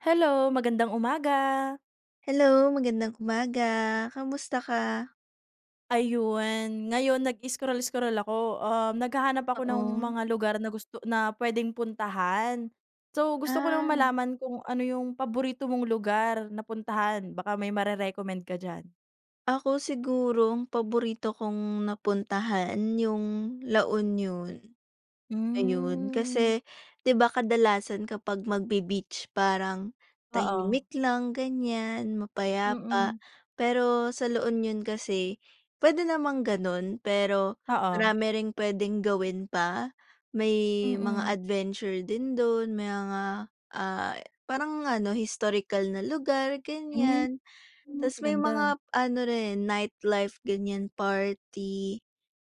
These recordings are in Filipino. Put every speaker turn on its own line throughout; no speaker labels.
Hello, magandang umaga.
Hello, magandang umaga kamusta ka?
Ayun, ngayon nag-scroll scroll ako, um, naghahanap ako ng
Oo.
mga lugar na gusto na puwedeng puntahan. So gusto ko lang
Ah.
malaman kung ano 'yung paborito mong lugar na puntahan baka may mare-recommend ka diyan.
Ako siguro ang paborito kong napuntahan 'yung La Union, ayun.
Hmm.
Kasi di ba, kadalasan kapag magbe-beach parang
Oo.
tahimik lang ganiyan, mapayapa.
Mm.
Pero sa La Union kasi puwede namang gano'n, pero
Oo.
marami ring puwedeng gawin pa, may mga
Mm.
adventure din do'n, may mga, ah, parang ano, historical na lugar,
Hmm,
ganiyan. Tas may
ganda.
mga ano rin, nightlife ganiyan, party,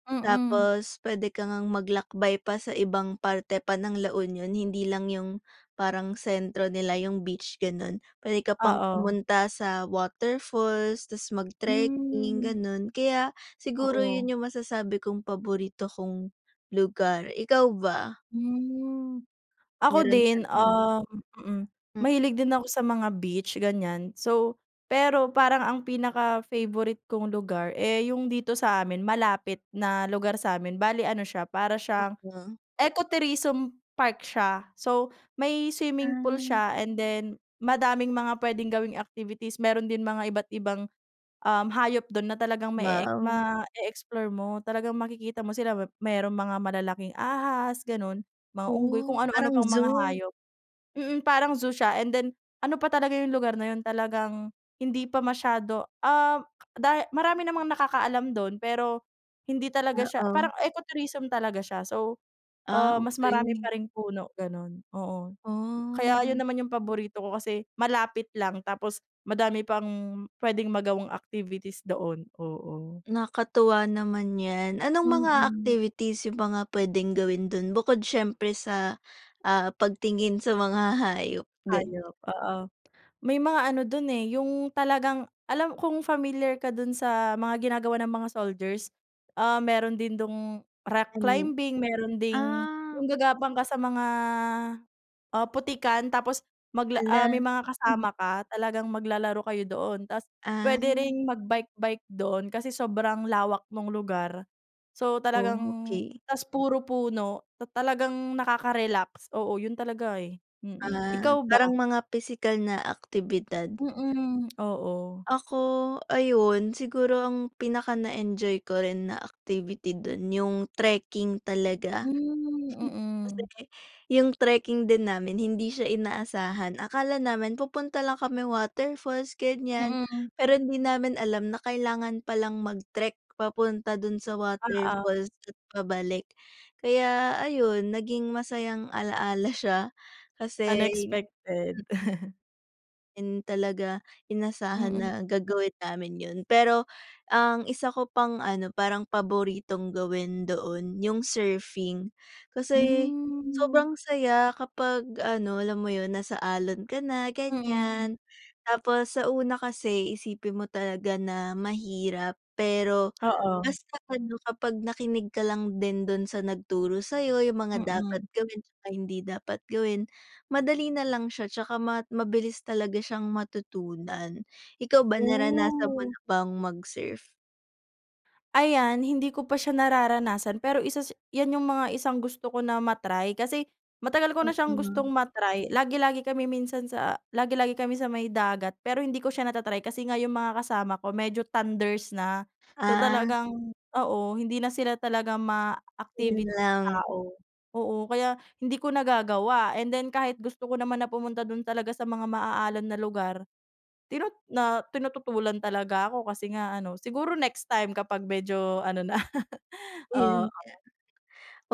Mm.
tapos puwede ka ngang maglakbay pa sa ibang parte pa ng La Union, hindi lang 'yung parang sentro nila 'yung beach, gano'n. Puwede ka pang
Oo.
pumunta sa waterfalls, tas mag-trekking,
Hmm.
gano'n. Kaya siguro 'yun
Oo.
'yung masasabi kong paborito kong lugar, ikaw ba?
Hmm. Ako
Meron pa
din,
rin.
um,
Hmm.
mahilig din ako sa mga beach ganiyan. So, pero parang ang pinaka-favorite kong lugar eh, 'yung dito sa amin, malapit na lugar sa'min, bale ano siya para siyang
Eco
Eco Tourism Park siya. So, may swimming pool
Ay.
siya and then, madaming mga puwedeng gawing activities. Meron din mga iba't ibang, um, hayop do'n na talagang mae-ek
Wow.
ma-e-explore mo talagang makikita mo sila. Mep merong mga malalaking ahas gano'n, mga unggoy, kung
Oh,
ano-ano
parang
pang mga
zoo?
hayop. Mm, parang zoo siya and then ano pa talaga 'yung lugar na 'yun talagang hindi pa masyado ah, dahi marami namang nakakaalam do'n, pero hindi talaga siya
Oo.
parang eco tourism talaga siya so
Ah,
ah, mas marami
okey.
pa ring puno gano'n. Oo, kaya 'yun
Oh.
naman, 'yung paborito ko kasi malapit lang, tapos madami pang puwedeng magawang activities doon, oo.
Nakakatuwa naman 'yan. Anong mga
Mm.
activities 'yung mga puwedeng gawin do'n bukod siyempre sa ah, pagtingin sa mga hayop, do'n?
Hayop, oo. May mga ano do'n eh, 'yung talagang alam kung familiar ka do'n sa mga ginagawa ng mga soldiers ah, meron din dung rock
Ani
climbing meron ding
ah.
'yung gagapang ka sa mga ah, putikan tapos magla ah,
Hala,
may mga
mhm.
kasama ka talagang maglalaro kayo doon. Tas puwede
Ah.
ring mag-bike bike do'n kasi sobrang lawak nung lugar. So talagang
Okey.
tas puro puno ta talagang nakaka-relax. Oo 'yun talaga eh, mm.
Ah,
Ikaw ba?
parang mga pisikal na aktibidad.
Mm, oo.
Ako, ayun, siguro ang pinaka na-enjoy ko rin na activity do'n 'yung trekking talaga.
Hmm,
Kasi
mm.
'yung trekking din namin, hindi siya inaasahan, akala namin pupunta lang kami waterfalls ganiyan,
Mm.
pero hindi namin alam na kailangan palang mag-trek papunta do'n sa
Oo.
waterfalls at pabalik. Kaya ayun naging masayang ala-ala siya kasi mm.
Unexpected.
And, talaga, inasahan
Mm.
na gagawin namin yun pero ang isa ko pang ano, parang paboritong gawin doon, yung surfing. Kasi
Hmm.
sobrang saya kapag ano, alam mo yun, nasa alon ka na,
Mm.
ganiyan. Tapos sa una kasi isipin mo talaga na mahirap pero
Oo.
basta ano kapag nakinig ka lang din dun sa nagturo sa'yo yung mga dapat
Mhm.
gawin tsaka hindi dapat gawin, madali nalang siya tsaka ma mabilis talaga siyang matutunan. Ikaw ba, naranasan mo
Oh.
na bang mag-surf?
Ayan, hindi ko pa siya nararanasan. Pero isa sa 'yan yung mga isang gusto ko na ma-try. Kasi matagal ko na siyang gustong ma-try, lagi-lagi kami minsan sa lagi-lagi kami sa may dagat. Pero hindi ko siya nata-try kasi nga yung mga kasama ko medyo thunders na. So,
Ah.
talagang oo, hindi na sila talaga
Yun
ma-activit
lang.
tao, oo, kaya hindi ko nagagawa and then kahit gusto ko naman na pumunta dun talaga sa mga maaalon na lugar tinu na tinututulan talaga ako. Kasi nga ano, siguro next time kapag medyo ano na.
Yun
Oo.
nga,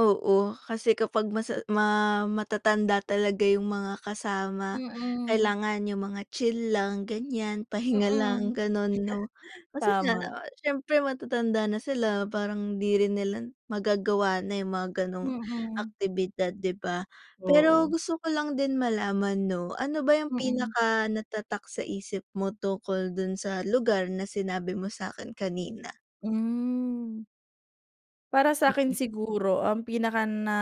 oo, kasi kapag masa ma matatanda talaga yung mga kasama
Mm.
kailangan yung mga chill lang, ganiyan,
Mm.
pahinga lang, gano'n, 'no? Kasi nga,
Tama.
ah, syempre matatanda na sila, parang hindi rin nila magagawa na yung mga gano'ng
Mm.
aktibidad, 'di ba? Pero
Oo.
gusto ko lang din malaman, 'no, ano ba yung
Mm.
pinakanatatak sa isip mo tungkol dun sa lugar na sinabi mo sa akin kanina?
Hmm. Para sa'kin siguro ang pinaka na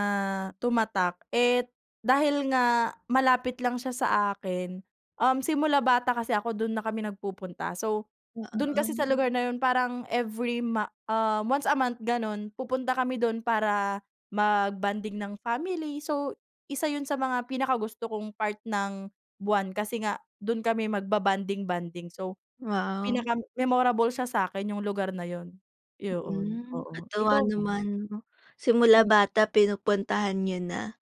tumatak eh, dahil nga malapit lang siya sa akin, um, simula bata kasi ako dun na kami nagpupunta. So, dun kasi sa
Oo.
lugar na yun parang every ma um, once a month ganun, pupunta kami do'n para mag-bonding ng family, so isa yun sa mga pinakagusto kong part ng buwan. Kasi nga do'n kami magba-bonding-bonding, so
Wow.
pinaka-memorable siya sa'kin yung lugar na yun. Yoon,
Hmm,
oo,
katuwa
ikaw ba?
naman no. Simula
Mm.
bata pinupuntahan nyo na.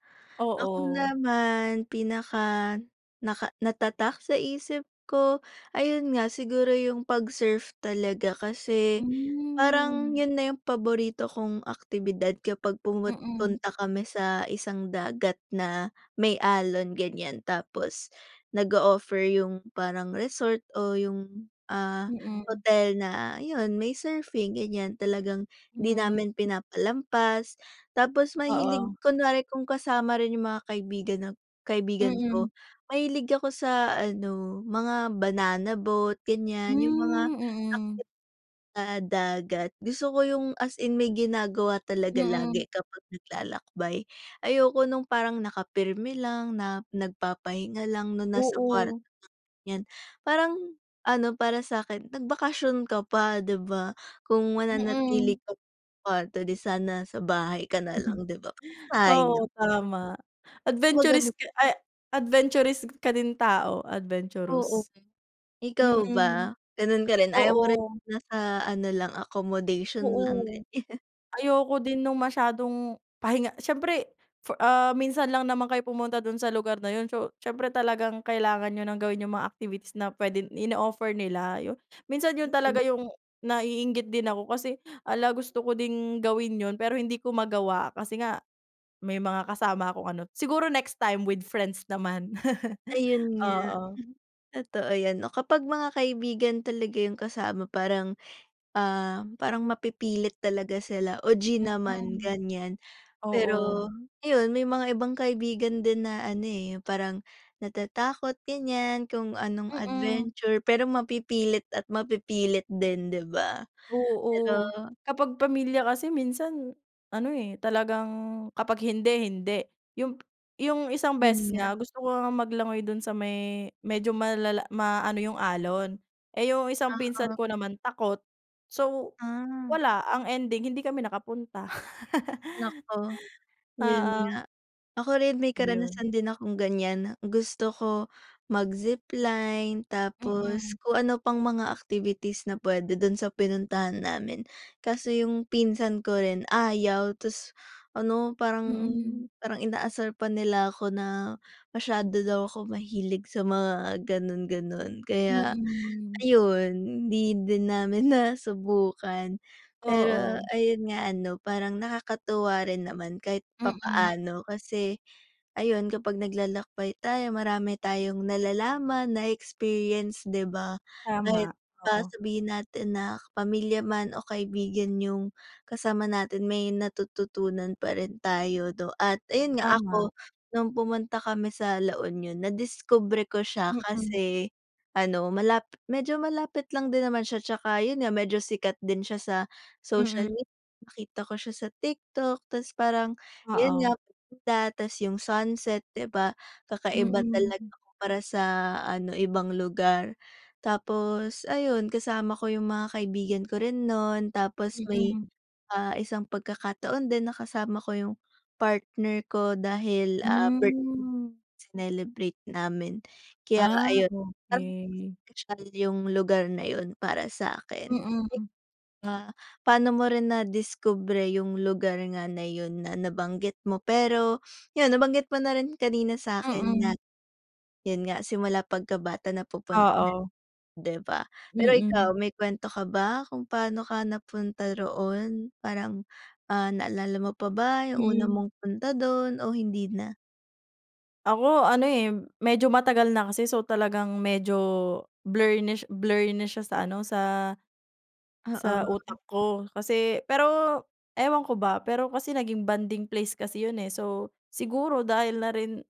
Ako
Oo.
naman pinaka naka natatak sa isip ko, ayun nga siguro yung pag-surf talaga kasi, parang
Mm.
yun na yung paborito kong aktibidad kapag pumut
Mm.
punta kami sa isang dagat na may alon ganyan. Tapos nag-o-offer yung parang resort o yung, ah,
Mm.
hotel na yun may surfing ganyan, talagang 'di
Hmm.
namin pinapalampas. Tapos mahilig
Oo.
kunwari kung kasama rin yung mga kaibigan na kaibigan
Mm.
ko mahilig ako sa ano, mga banana boat ganyan yung mga
Hmm,
active
mm.
sa dagat, gusto ko yung as in may ginagawa talaga lagi
Mm.
kapag naglalakbay. Ayoko nung parang nakapirmi lang na nagpapahinga lang no, nasa kwarto
Oo.
lang ganyan. Parang, ano para sa'kin nagbakasyon ka pa, 'di ba kung mananatili
Mm.
ka sa kwarto, di sana sa bahay ka na lang 'di ba, sayang.
Oo, tama.
'Di ba
Adventurist
ganun?
ka ay adventurist ka din tao-
Oo
adventurous.
ikaw ba
Mm,
gano'n ka rin, ayaw mo rin
oo.
nasa ano lang accommodation lang
Oo.
din?
Ayoko din nung masyadong pahinga siyempre for ah, minsan lang naman kayo pumunta do'n sa lugar na yun, so siyempre talagang kailangan nyo ng gawin yung mga activities na puwedeng ino-offer nila yun. Minsan yun talaga yung naiinggit din ako hala kasi gusto ko din gawin yun pero hindi ko magawa kasi nga may mga kasama akong ano, siguro next time with friends naman.
Ayun nga,
Oo.
totoo 'yan 'no. Kapag mga kaibigan talaga yung kasama parang, ah, parang mapipilit talaga sila o G naman
Mhm.
ganyan.
Oo.
Pero ayun may mga ibang kaibigan din na ano eh, 'yung parang natatakot ganyan, kung anong
Mm.
adventure, pero mapipilit at mapipilit din, 'di ba? Pero
Oo. Kapag pamilya kasi minsan ano, eh, talagang kapag hindi, hindi. Yung yung isang
'Yun
beses
nga.
nga gusto ko ngang maglangoy do'n sa may medyo malala maano yung alon, eh yung isang pinsan ko
Oo.
naman takot. So,
Ah.
wala ang ending hindi kami nakapunta.
Naku, yun
Oo.
nga. Ako rin may
Yun.
karanasan din akong ganyan, gusto ko mag-zipline tapos
Mm.
kung ano pang mga activities na puwede dun sa pinuntahan namin. Kaso yung pinsan ko rin, ayaw ta's ano parang,
Mm.
parang inaasar pa nila ako na masyado daw ako mahilig sa mga gano'n-gano'n kaya
Mm.
ayon hindi din namin nasubukan. Pero
Oo.
ayun nga ano parang nakakatuwa rin naman kahit
Mm.
papaano kasi ayun kapag naglalakbay tayo marami tayong nalalaman na-e-experience 'di ba. Kahit
Tama,
pa
oo.
sabihin natin na pamilya man o kaibigan yung kasama natin may natututunan pa rin tayo 'no at ayun nga
Tama.
ako no'ng pumunta kami sa La Union, nadiskubre ko siya
Mm.
kasi ano malap medyo malapit lang din naman siya tsaka yun nga medyo sikat din siya sa social
Mm.
med nakita ko siya sa TikTok ta's parang yun nga
Oo.
maganda ta's yung sunset 'di ba kakaiba talaga
Mm.
kumpara sa ano ibang lugar. Tapos ayun kasama ko yung mga kaibigan ko rin no'n, tapos may,
Mm.
ah, isang pagkakataon din na kasama ko yung partner ko dahil ah birth
Hmm.
sinelebrate namin kaya
Ah,
ayun, parang
okey.
special yung lugar na yun para sa'kin. Eh
Mm.
ba, paano mo rin nadiskubre yung lugar nga na yun na nabanggit mo? Pero yun nabanggit mo na rin kanina sa'kin
Mm.
na, yun nga simula pagkabata napupuntahan
Oo.
'di ba? Pero
Mm.
ikaw may kwento ka ba kung paano ka napunta roon parang, ah, naalala mo pa ba yung una
Mm.
mong punta dun o hindi na?
Ako ano, eh, medyo matagal na kasi so, talagang medyo blurnish blurry na siya sa ano, sa sa
Oo.
utak ko kasi pero ewan ko ba, pero kasi naging bonding place kasi yun, eh. So, siguro dahil na rin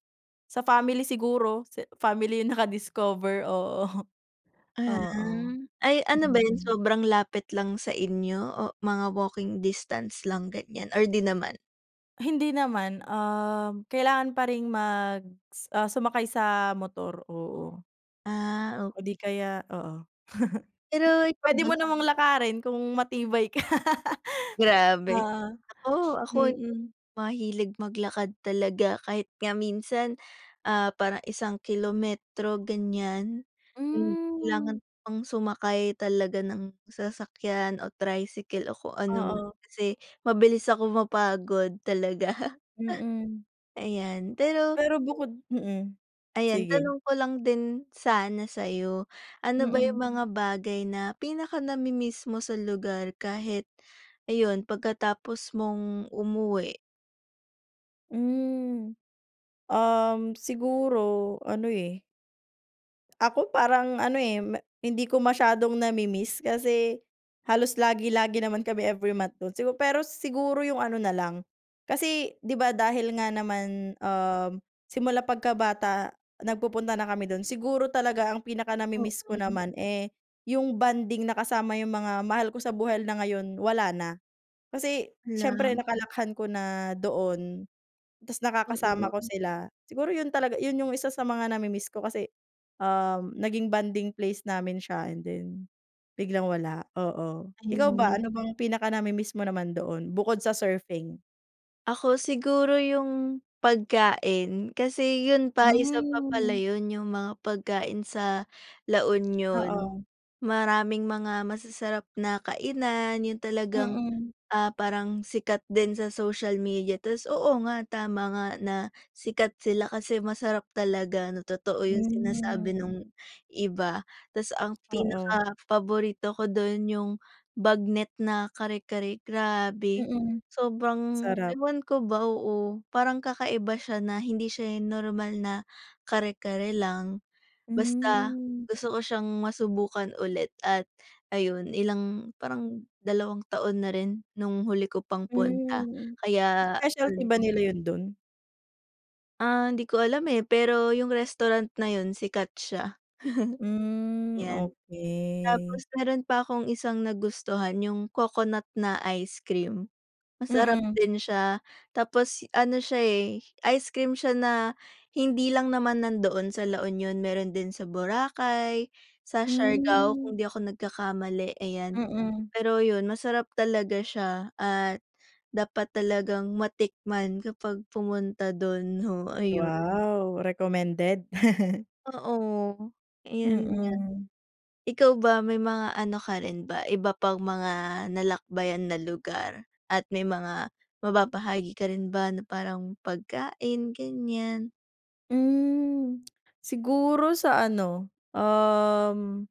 sa family siguro sa family yung naka-discover, oo,
Ah.
oo.
Ay ano ba yun
Mm.
sobrang lapit lang sa inyo o mga walking distance lang, ganyan or di naman?
Hindi naman, um, kailangan pa ring mag s ah, sumakay sa motor, oo.
Ah, ok
O di kaya oo.
Pero ikaw
Pwede
ba?
mo namang lakarin kung matibay ka.
Grabe.
Oo.
Ako ako
Mm.
mahilig maglakad talaga kahit nga minsan, ah, parang isang kilometro, ganyan. Kailangan
Hmm.
ko pang sumakay talaga ng sasakyan o tricycle o kung anuman
Oo.
kasi mabilis akong mapagod talaga.
Mm.
Ayan, pero
Pero bukod mm,
Ayan,
sige.
tanong ko lang din sana sa'yo. Ano ba yung
Mm.
mga bagay na pinaka nami-miss mo sa lugar kahit ayun, pagkatapos mong umuwi?
Hmm. Um, siguro ano, eh. Ako parang ano, eh, hindi ko masyadong namimiss kasi halos lagi, lagi naman kami every month do'n. Sigu pero siguro yung ano na lang kasi 'di ba dahil nga naman, um, simula pagkabata nagpupunta na kami do'n. Siguro talaga ang pinaka-namimiss ko naman, eh, yung bonding na kasama yung mga mahal ko sa buhay na ngayon wala na. Kasi
Hala.
siyempre nakalakihan ko na doon tapos nakakasama ko
Oo.
sila. Siguro 'yon talaga 'yon yung isa sa mga namimiss ko kasi, um, naging bonding place namin siya and then biglang wala, oo. Ikaw ba,
Ayun.
ano bang pinaka-namimiss mo naman doon bukod sa surfing?
Ako siguro yung pagkain kasi yun pa isa pa pala
Hmm.
'yon yung mga pagkain sa La Union.
Oo.
Maraming mga masasarap na kainan yung talagang,
Mm.
ah, parang sikat din sa social media. Tapos oo nga tama nga na sikat sila kasi masarap talaga na totoo yung sinasabi
Hmm.
nung iba. Tapos ang
Oo.
pinaka paborito ko dun yung bagnet na kare-kare, grabe.
Mm.
Sobrang
Sarap.
ewan ko ba, oo. Parang kakaiba siya na hindi siya normal na kare-kare lang. Basta
Hmm.
gusto ko siyang masubukan ulit at ayun ilang parang dalawang taon na rin nung huli ko pang punta
Hmm.
kaya
Specialty ba
ano.
nila yun dun?
Ah, hindi ko alam eh, pero yung restaurant na yun sikat siya.
Hmm,
'Yan.
okey.
Tapos meron pa akong isang nagustuhan yung coconut na ice cream, masarap
Mm.
din siya. Tapos ano siya eh, ice cream siya na hindi lang naman nandoon sa La Union meron din sa Boracay, sa Siargao
Hmm.
kung hindi ako nagkakamali, ayan.
Mm.
Pero yun masarap talaga siya at dapat talagang matikman kapag pumunta do'n, no ayun.
Wow. Recommended.
Oo, ayun nga.
Mm.
Ikaw ba, may mga ano ka rin ba iba pang mga nalakbayan na lugar at may mga mababahagi ka rin ba na parang pagkain ganyan.
Hmm. Siguro sa ano, um,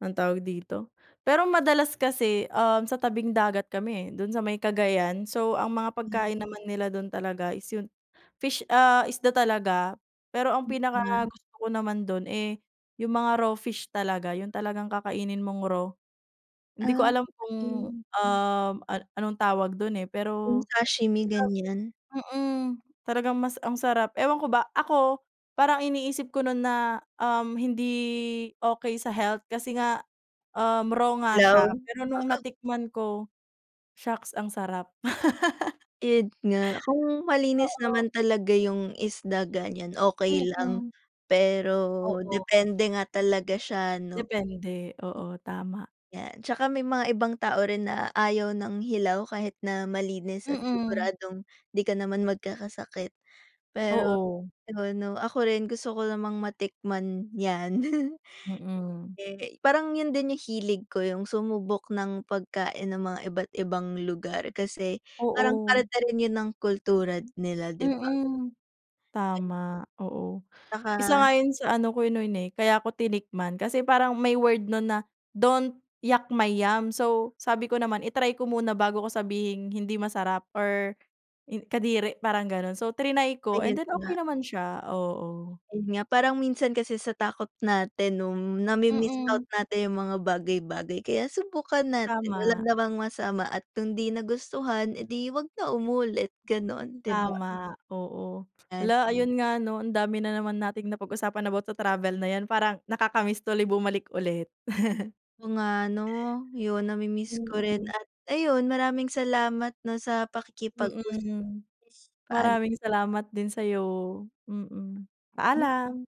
anong tawag dito pero madalas kasi, um, sa tabing dagat kami eh, do'n sa may Cagayan. So ang mga
Ah.
pagkain naman nila dun talaga is 'yung fish, ah, isda talaga. Pero ang
Mm.
pinakagusto ko naman do'n eh yung mga raw fish talaga, yung talagang kakainin mong raw. Hindi
Ah,
ko alam kung,
okey.
um, an anong tawag dun eh,
Yung
pero
sashimi,
masarap
ganiyan?
Mm. Talagang mas ang sarap. Ewan ko ba ako, parang iniisip ko no'n na, um, hindi okey sa health. Kasi nga, um, raw nga siya
Hilaw,
pero nung
oo.
natikman ko, shocks ang sarap.
Yun nga, kung malinis
Oo.
naman talaga yung isda ganyan okey lang,
Mm.
pero
Oo.
depende nga talaga siya 'no.
Depende, oo tama.
'Yan, tsaka may mga ibang tao rin na ayaw ng hilaw kahit na malinis at
Mm.
siguradong 'di ka naman magkakasakit. Pero
Oo.
yun 'no ako rin gusto ko namang matikman 'yan.
Mm.
Eh parang yun din yung hilig ko, yung sumubok ng pagkain ng mga iba't ibang lugar, kasi parang
Oo.
parte rin yun ng kultura nila, 'di ba?
Mm. Tama, oo. Isa
Tsaka
nga yun sa ano ko noon eh kaya ko tinikman, kasi parang may word nun na, don't yuck my yum. So, sabi ko naman i-try ko muna bago ko sabihing hindi masarap or i kadiri parang ganun. So, trinay ko and
Ayun
then okey
nga.
naman siya, oo.
Ayun nga, parang minsan kasi sa takot natin nung nami-miss out
Mm.
natin yung mga bagay-bagay. Kaya subukan natin wala
Tama.
namang masama at kung 'di nagustuhan eh di 'wag na umulit gano'n, 'di ba?
Tama, oo.
Yan.
Hala ayun nga ano ang dami na naman nating napag-usapan about sa travel na 'yan parang nakakamiss tuloy bumalik ulit.
Oo nga 'no, yung namimiss ko rin
Mm.
at ayun maraming salamat 'no sa pakikipag-usap.
Mm.
Paal
Maraming salamat din sa'yo. Mm.
Hmm.
Paalam.